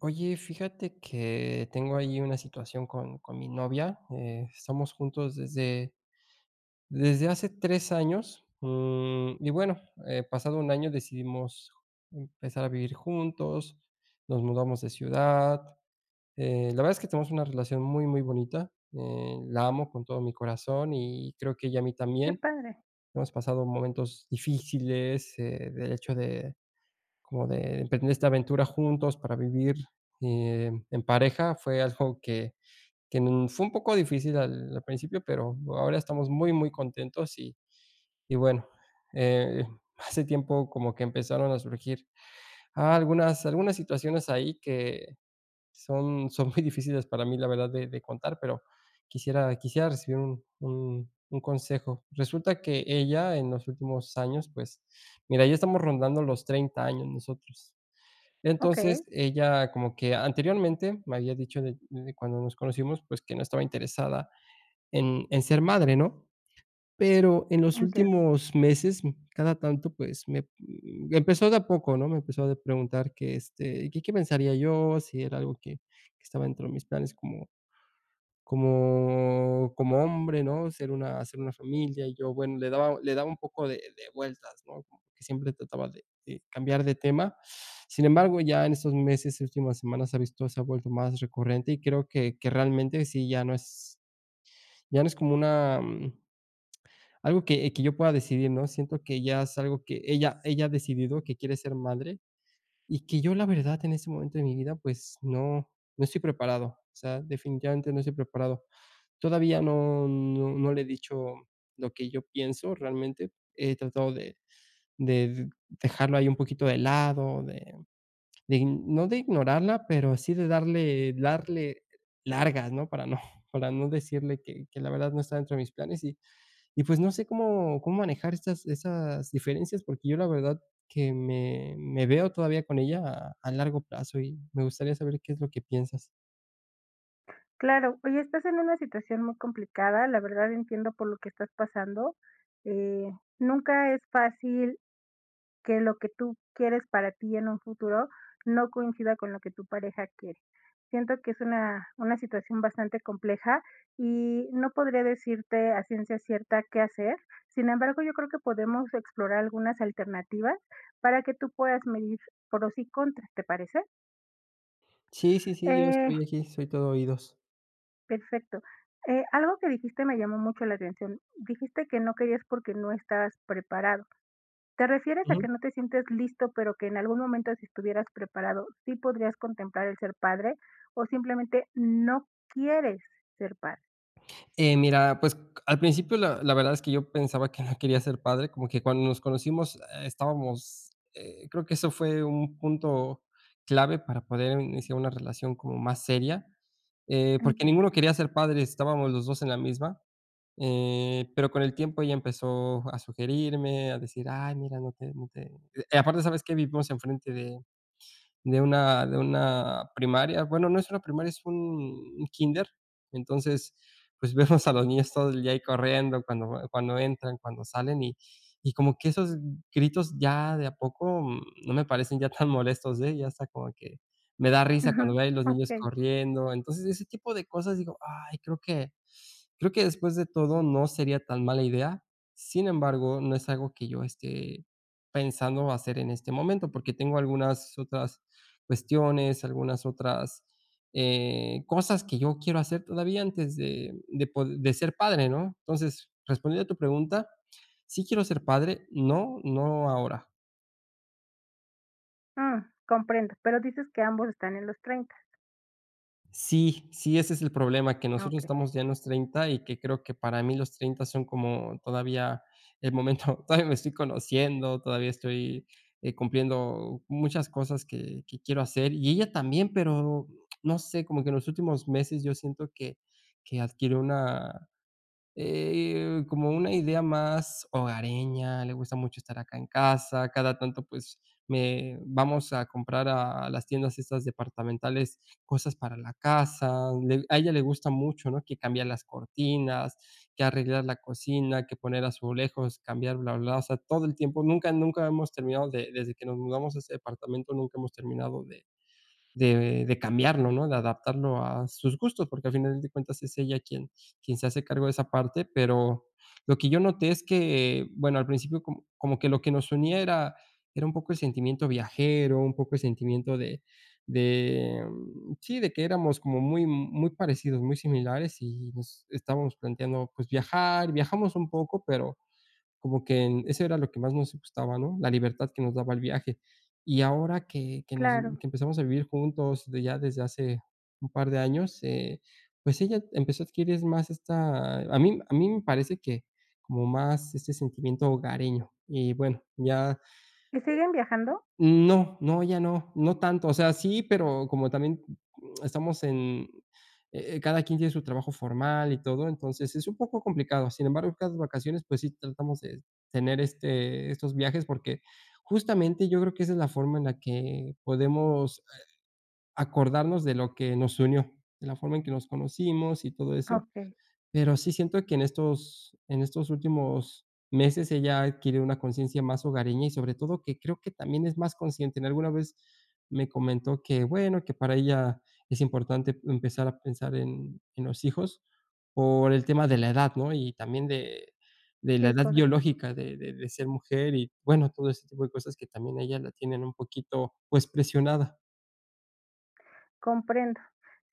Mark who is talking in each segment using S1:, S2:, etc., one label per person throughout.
S1: Oye, fíjate que tengo allí una situación con con mi novia, eh, estamos juntos desde desde hace 3 años, mm, y, bueno, eh, pasado un año decidimos empezar a vivir juntos, nos mudamos de ciudad, eh, la verdad es que tenemos una relación muy, muy bonita, eh, la amo con todo mi corazón y creo que ella a mí
S2: Qué
S1: también.
S2: padre.
S1: Hemos pasado momentos difíciles, eh, de hecho de como de emprender esta aventura juntos para vivir, eh, en pareja. Fue algo que que n fue un poco difícil al al principio pero ahora estamos muy, muy contentos. Y y bueno, eh, hace tiempo como que empezaron a surgir algunas algunas situaciones ahí que son son muy difíciles para mí la verdad de de contar pero quisiera quisiera recibir un un un consejo. Resulta que ella en los últimos años, pues mira, ya estamos rondando los 30 años nosotros. Entonces,
S2: Okey.
S1: ella como que anteriormente me había dicho de desde cuando nos conocimos, pues, que no estaba interesada en en ser madre, ¿no? Pero en los
S2: Entiendo.
S1: últimos meses, m cada tanto, pues, me me empezó de a poco, ¿no? Me empezó de preguntar que, este, que qué pensaría yo, si era algo que que estaba dentro de mis planes como como como hombre, ¿no? Ser una hacer una familia. Y yo, bueno, le daba le daba un poco de de vueltas, ¿no? Que siempre trataba de de cambiar de tema. Sin embargo, ya en estos meses y últimas semanas ha visto se ha vuelto más recurrente y creo que que realmente sí ya no es ya no es como una, mm, algo que que yo pueda decidir, ¿no? Siento que ya es algo que ella ella ha decidido que quiere ser madre y que yo la verdad en este momento de mi vida, pues no no estoy preparado. O sea, definitivamente no estoy preparado. Todavía no no no le he dicho lo que yo pienso realmente. He tratado de de dejarlo ahí un poquito de lado, de ign no de ignorarla, pero sí de darle darle largas, ¿no? Para no para no decirle que que la verdad no está dentro de mis planes y y pues no sé cómo cómo manejar estas esas diferencias porque yo la verdad que me me veo todavía con ella a al largo plazo y me gustaría saber qué es lo que piensas.
S2: Claro, oye, estás en una situación muy complicada, la verdad entiendo por lo que estás pasando. Eh, nunca es fácil, que lo que tú quieres para ti en un futuro no coincida con lo que tu pareja quiere. Siento que es una una situación bastante compleja, y no podría decirte a ciencia cierta qué hacer, sin embargo, yo creo que podemos explorar algunas alternativas, para que tú puedas medir pros y contras, ¿te parece?
S1: Sí, sí, sí, yo
S2: Eh.
S1: estoy aquí, soy todo oídos.
S2: Perfecto. Eh, algo que dijiste me llamó mucho la atención, dijiste que no querías, porque, no estas preparado, ¿te refieres a que
S1: Ujú.
S2: no te sientes listo pero, que en algún momento si estuvieras preparado, sí podrías contemplar el ser padre, o simplemente no quieres ser padre?
S1: Eh, mira, pues c a al principio, la la verdad es que yo pensaba que no quería ser padre, como que cuando nos conocimos eh, estábamos eh, creo que eso fue un punto clave para poder iniciar una relación como más seria. Eh, porque
S2: Entiendo.
S1: ninguno quería ser padre, estábamos los 2 en la misma. Eh, pero con el tiempo ella empezó a sugerirme, a decir: "Ay, mira, no te no te", y aparte, ¿sabes qué? Vivimos enfrente de de una de una primaria. Bueno, no es una primaria, es un un kinder. Entonces, pues, vemos a los niños todo el día ahí corriendo cuando va cuando entran, cuando salen, y y como que esos gritos ya de a poco, no me parecen ya tan molestos, eh, ya hasta como que me da risa
S2: Ajá.
S1: cuando veo a los niños
S2: Okey.
S1: corriendo. Entonces ese tipo de cosas digo, ay creo que creo que, después de todo no sería tan mala idea. Sin embargo, no es algo que yo esté pensando hacer en este momento, porque, tengo algunas otras cuestiones, algunas otras, eh, cosas que yo quiero hacer todavía antes de de pod de ser padre, ¿no? Entonces, respondiendo a tu pregunta, sí quiero ser padre, no, no ahora.
S2: Ah, comprendo. Pero ¿dices que ambos están en los 30?
S1: Sí, sí ese es el problema, que
S2: Ah,
S1: nosotros
S2: okey.
S1: estamos ya en los 30 y que creo que para mí los 30 son como todavía el momento todavía me estoy conociendo, todavía estoy, eh, cumpliendo muchas cosas que que quiero hacer, y ella también, pero, no sé, como que en los últimos meses yo siento que que adquirió una, eh, como una idea más hogareña. Le gusta mucho estar acá en casa, cada tanto pues me vamos a comprar a las tiendas esas departamentales cosas para la casa. A un a ella le gusta mucho, ¿no?, que cambiar las cortinas, que arreglar la cocina, que poner azulejos, cambiar bla, bla, bla. O sea, todo el tiempo. Nunca nunca hemos terminado de desde que nos mudamos a este departamento, nunca hemos terminado de de de de cambiarlo, ¿no?, de adaptarlo a sus gustos, porque al final de cuentas es ella quien quien se hace cargo de esa parte. Pero lo que yo noté es que, bueno, al principio como como que lo que nos unía era era un poco el sentimiento viajero, un poco el sentimiento de de, mm, sí, de que éramos como muy muy parecidos, muy similares y nos estábamos planteando, pues, viajar. Viajamos un poco, pero como que eso era lo que más nos gustaba, ¿no?, la libertad que nos daba el viaje. Y ahora que que nos
S2: Claro.
S1: que empezamos a vivir juntos, de ya desde hace un par de años, eh, pues, ella empezó a adquirir más esta a mí a mí me parece que, como más este sentimiento hogareño y, bueno, ya
S2: ¿Y siguen viajando?
S1: N no, no, ya no, no tanto. O sea, sí, pero como también, mm, estamos en eh, cada quien tiene su trabajo formal y todo, entonces, es un poco complicado. Sin embargo, cada vacaciones, pues, sí tratamos de tener, este estos viajes, porque, justamente, yo creo que esa es la forma en la que podemos, eh, acordarnos de lo que nos unió, de la forma en que nos conocimos y todo eso.
S2: Okey.
S1: Pero sí, siento que en estos en estos últimos meses ella ha adquirido una conciencia más hogareña y, sobre todo, que creo que también es más consciente. En alguna vez me comentó que, bueno, que para ella es importante empezar a pensar en en los hijos por el tema de la edad, ¿no? Y también de de la
S2: Sí,
S1: edad
S2: correcto.
S1: biológica de de de ser mujer y bueno, todo ese tipo de cosas que también a ella la tienen un poquito, pues, presionada.
S2: Comprendo.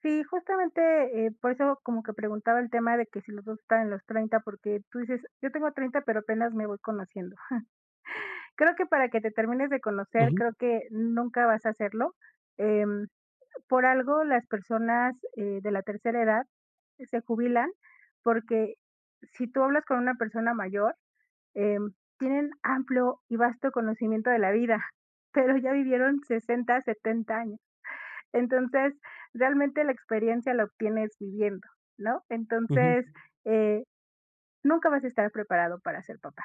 S2: Sí, justamente, eh, por eso como que preguntaba el tema de que si los 2, estaban en los 30, porque tú dices, yo tengo 30 pero apenas me voy conociendo. Creo que para que te termines de conocer,
S1: Ujú.
S2: creo que nunca vas a hacerlo, em, por algo, las personas, eh, de la tercera edad, eh, se jubilan, porque si tú hablas con una persona mayor, em, tienen amplio y vasto conocimiento de la vida, pero ya vivieron 60, 70, años. Entonces, realmente, la experiencia la obtienes viviendo, ¿no?
S1: Ujú.
S2: Entonces, eh, nunca vas a estar preparado para ser papá.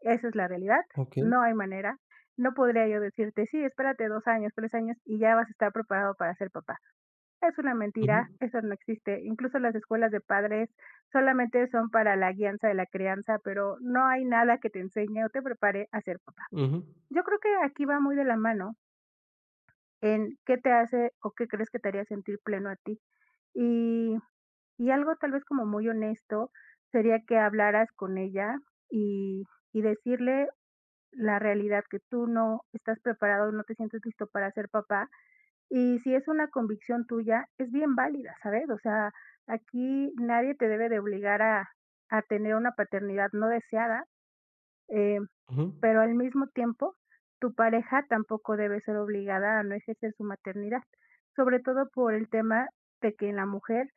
S2: Esa es la realidad,
S1: Okey.
S2: no hay manera. No podría yo decirte, sí, espérate 2 años, 3 años, y ya vas a estar preparado para ser papá. Es una mentira,
S1: Ujú.
S2: eso no existe. Incluso, las escuelas de padres, solamente son para la guianza de la crianza, pero, no hay nada que te enseñe o te prepare a ser papá.
S1: Ujú.
S2: Yo creo que aquí va muy de la mano en, ¿qué te hace o qué crees que te haría sentir pleno a ti? Y y algo tal vez como muy honesto, sería que hablaras con ella, y y decirle la realidad, que tú no estás preparado, no te sientes listo para ser papá. Y si es una convicción tuya, es bien válida, ¿sabes? O sea, aquí nadie te debe de obligar a a tener una paternidad no deseada, em,
S1: Ujú.
S2: pero, al mismo tiempo tu pareja tampoco debe ser obligada a no ejercer su maternidad, sobre todo por el tema de que en la mujer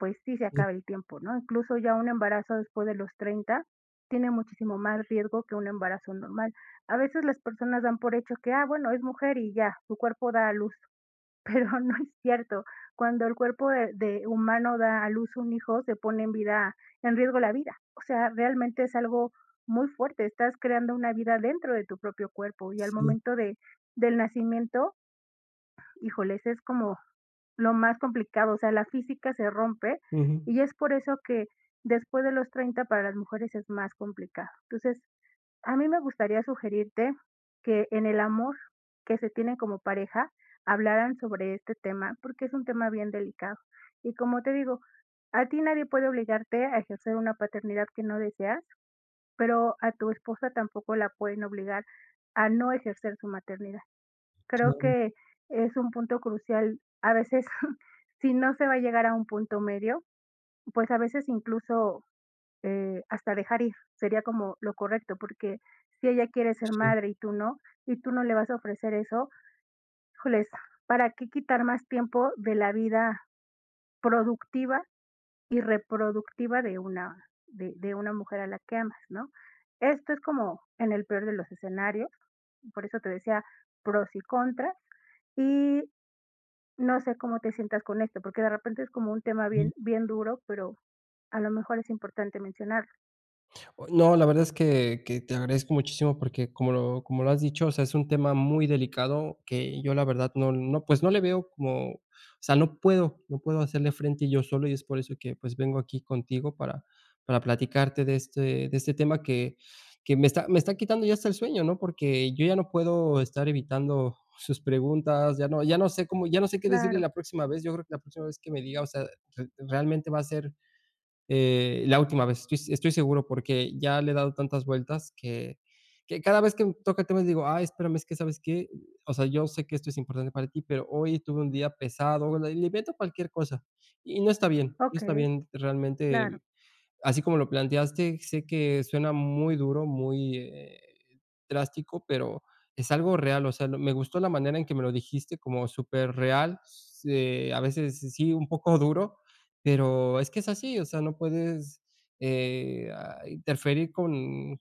S2: pues, sí se acaba el tiempo, ¿no? Incluso ya un embarazo después de los 30, tiene muchísimo más riesgo que un embarazo normal. A veces las personas dan por hecho que, ah, bueno, es mujer y ya, su cuerpo da a luz. Pero no es cierto, cuando el cuerpo, eh, de humano da a luz un hijo, se pone en vida en riesgo la vida, O sea, realmente es algo muy fuerte, estás creando una vida dentro de tu propio cuerpo, y al
S1: Sí.
S2: momento de del nacimiento híjoles, es como lo más complicado, o sea, la física se rompe,
S1: Ujú.
S2: y es por eso que después de los 30 para las mujeres es más complicado. Entonces, a mí me gustaría sugerirte que en el amor que se tienen como pareja, hablaran sobre este tema, porque, es un tema bien delicado. Y como te digo, a ti nadie puede obligarte a ejercer una paternidad que no deseas, pero, a tu esposa tampoco la pueden obligar a no ejercer su maternidad. Creo
S1: Claro.
S2: que es un punto crucial, a veces, si no se va a llegar a un punto medio, pues a veces incluso, eh, hasta dejar ir, sería como lo correcto, porque si ella quiere ser
S1: Sí.
S2: madre y tú no, y tú no le vas a ofrecer eso, híjoles, ¿para qué quitar más tiempo de la vida productiva, y reproductiva de una de de una mujer a la que amas, no? Esto es como en el peor de los escenarios, por eso te decía pros y contras, y no sé cómo te sientas con esto, porque, de repente es como un tema
S1: Ujú.
S2: bien bien duro, pero, a lo mejor es importante mencionarlo.
S1: No, la verdad es que que te agradezco muchísimo porque como lo como lo has dicho, o sea, es un tema muy delicado que yo la verdad no no pues no le veo como, o sea no puedo, no puedo hacerle frente yo solo y es por eso que pues vengo aquí contigo para para platicarte de este de este tema que que me está me está quitando ya hasta el sueño, ¿no? Porque yo ya no puedo estar evitando sus preguntas, ya no ya no sé cómo ya no sé qué decirle
S2: Claro.
S1: la próxima vez, yo creo que la próxima vez que me diga, o sea, re realmente va a ser, eh, la última vez. Yo, estoy seguro porque ya le he dado tantas vueltas que que cada vez que un toca temas, digo: "Ay, espérame, es que, ¿sabes qué? O sea, yo sé que esto es importante para ti, pero hoy tuve un día pesado", le le invento cualquier cosa y no está bien, no está
S2: Okey.
S1: bien.
S2: Claro.
S1: Realmente, así como lo planteaste, sé que suena muy duro, muy, eh, drástico, pero es algo real, o sea, no me gustó la manera en que me lo dijiste como superreal. Eh, a veces sí sí un poco duro, pero es que es así, o sea, no puedes, eh, ah, interferir con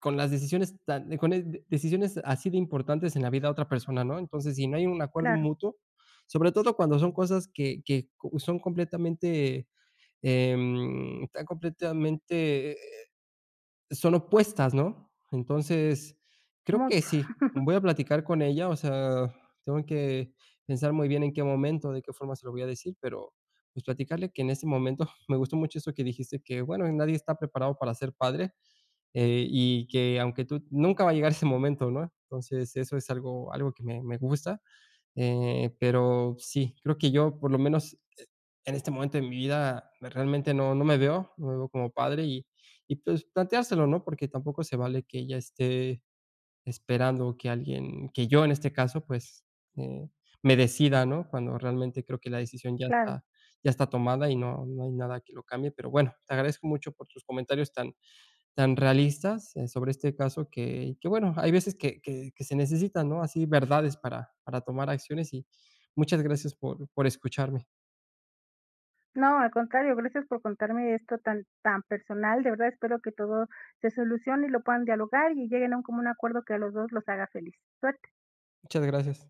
S1: con las decisiones tan de con el de decisiones así de importantes en la vida de otra persona, ¿no? Entonces, si no hay un acuerdo
S2: Claro.
S1: mutuo, sobre todo cuando son cosas que que, oh, son completamente, eh, em, tan completamente, e eh, son opuestas, ¿no? Entonces, creo que
S2: Mucho.
S1: sí. Voy a platicar con ella, o sea, tengo que pensar muy bien en qué momento, de qué forma se lo voy a decir, pero, pues, platicarle que en ese momento me gustó mucho eso que dijiste que, bueno, nadie está preparado para ser padre, eh, y que aunque tú nunca va a llegar ese momento, ¿no? Entonces, eso es algo algo que me me gusta. Eh, pero sí, creo que yo, por lo menos, e en este momento de mi vida realmente no no me veo no me veo como padre y y pues planteárselo, ¿no? Porque tampoco se vale que ella esté esperando que alguien que yo en este caso, pues, eh, me decida, ¿no? Cuando realmente creo que la decisión ya
S2: Claro.
S1: está ya está tomada y no no hay nada que lo cambie. Pero bueno, te agradezco mucho por tus comentarios tan tan realistas, eh, sobre este caso que que bueno, hay veces que que que se necesitan, ¿no? Así verdades para para tomar acciones y muchas gracias por por escucharme.
S2: No, al contrario, gracias por contarme esto tan tan personal, de verdad espero que todo se solucione y lo puedan dialogar y lleguen a un común acuerdo que a los dos los haga feliz. Suerte.
S1: Muchas gracias.